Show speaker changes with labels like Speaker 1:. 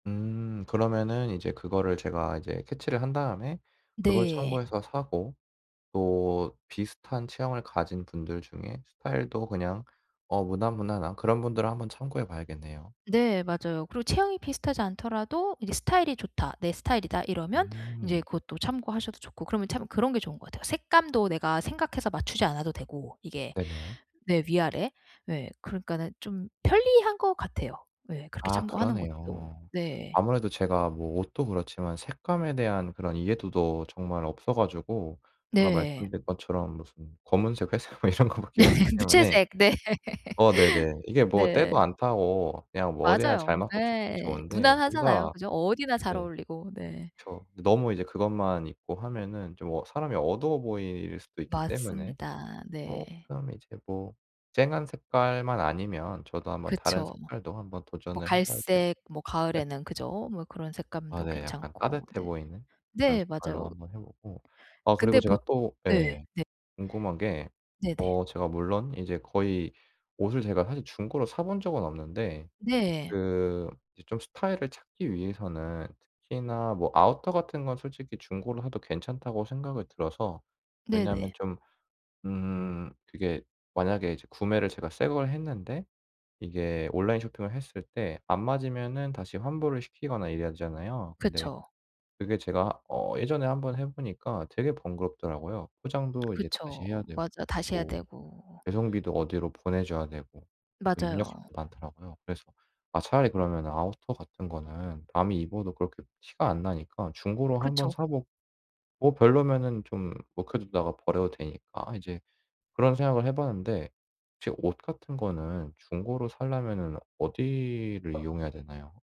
Speaker 1: 음 그러면은 이제 그거를 제가 이제 캐치를 한 다음에 그걸
Speaker 2: 네
Speaker 1: 참고해서 사고 또 비슷한 체형을 가진 분들 중에 스타일도 그냥 어 무난무난한 그런 분들은 한번 참고해 봐야겠네요.
Speaker 2: 네 맞아요. 그리고 체형이 비슷하지 않더라도 '이제 스타일이 좋다. 내 스타일이다.' 이러면 이제
Speaker 1: 음.
Speaker 2: 그것도 참고하셔도 좋고 그러면 참 그런 게 좋은 것 같아요. 색감도 내가 생각해서 맞추지 않아도 되고 이게.
Speaker 1: 네네.
Speaker 2: 네 위아래. 네. 그러니까는 좀 편리한 것 같아요. 예. 그렇게
Speaker 1: 아
Speaker 2: 참고하는 것도.
Speaker 1: 그러네요.
Speaker 2: 네.
Speaker 1: 아무래도 제가 뭐 옷도 그렇지만 색감에 대한 그런 이해도도 정말 없어 가지고 제가
Speaker 2: 네.
Speaker 1: 말씀드린 것처럼 무슨 검은색 회색 뭐 이런 것 밖에 없기 때문에
Speaker 2: 무채색. 네.
Speaker 1: 어 네네. 이게 뭐 때도
Speaker 2: 네.
Speaker 1: 안 타고 그냥 뭐 어디나
Speaker 2: 맞아요.
Speaker 1: 잘 맞고 좋긴
Speaker 2: 예.
Speaker 1: 좋은데
Speaker 2: 무난하잖아요.
Speaker 1: 뭔가
Speaker 2: 그죠? 어디나 잘
Speaker 1: 네.
Speaker 2: 어울리고. 네.
Speaker 1: 그렇죠. 너무 이제 그것만 입고 하면은 좀 어 사람이 어두워 보일 수도 있기 때문에
Speaker 2: 맞습니다. 네.
Speaker 1: 어 그 다음에 이제 뭐 쨍한 색깔만 아니면 저도 한번 다른
Speaker 2: 그쵸.
Speaker 1: 색깔도 한번
Speaker 2: 뭐
Speaker 1: 도전을 해봐야겠네요.
Speaker 2: 갈색 뭐 가을에는 그죠? 뭐 그런
Speaker 1: 아
Speaker 2: 색감도
Speaker 1: 네. 약간
Speaker 2: 괜찮고.
Speaker 1: 따뜻해
Speaker 2: 네.
Speaker 1: 보이는 그런
Speaker 2: 네
Speaker 1: 색깔로
Speaker 2: 맞아요.
Speaker 1: 한번 해보고. 아 그리고
Speaker 2: 근데
Speaker 1: 제가
Speaker 2: 보
Speaker 1: 또
Speaker 2: 네.
Speaker 1: 예
Speaker 2: 네.
Speaker 1: 궁금한 게
Speaker 2: 네네.
Speaker 1: 어 제가 물론 인제 거의 옷을 제가 사실 중고로 사 본 적은 없는데
Speaker 2: 네.
Speaker 1: 그 이제 좀 스타일을 찾기 위해서는 특히나 뭐 아우터 같은 건 솔직히 중고로 사도 괜찮다고 생각이 들어서. 왜냐면
Speaker 2: 네네.
Speaker 1: 좀 음 그게 만약에 이제 구매를 제가 새 걸 했는데 이게 온라인 쇼핑을 했을 때 안 맞으면은 다시 환불을 시키거나 이래야 되잖아요. 근데
Speaker 2: 그쵸.
Speaker 1: 그게 제가 어 예전에 한번 해보니까 되게 번거롭더라고요. 포장도 이제 다시
Speaker 2: 그쵸.
Speaker 1: 해야 되고.
Speaker 2: 맞아 다시 해야
Speaker 1: 뭐
Speaker 2: 되고.
Speaker 1: 배송비도 어디로 보내줘야 되고 뭐 입력할
Speaker 2: 맞아요.
Speaker 1: 게 많더라고요. 그래서 아 차라리 그러면 아우터 같은 거는 남이 입어도 그렇게 티가 안 나니까 중고로 한번
Speaker 2: 그쵸.
Speaker 1: 사보고 뭐 별로면은 좀 묵혀두다가 버려도 되니까 이제 그런 생각을 해봤는데. 혹시 옷 같은 거는 중고로 사려면은 어디를 이용해야 되나요?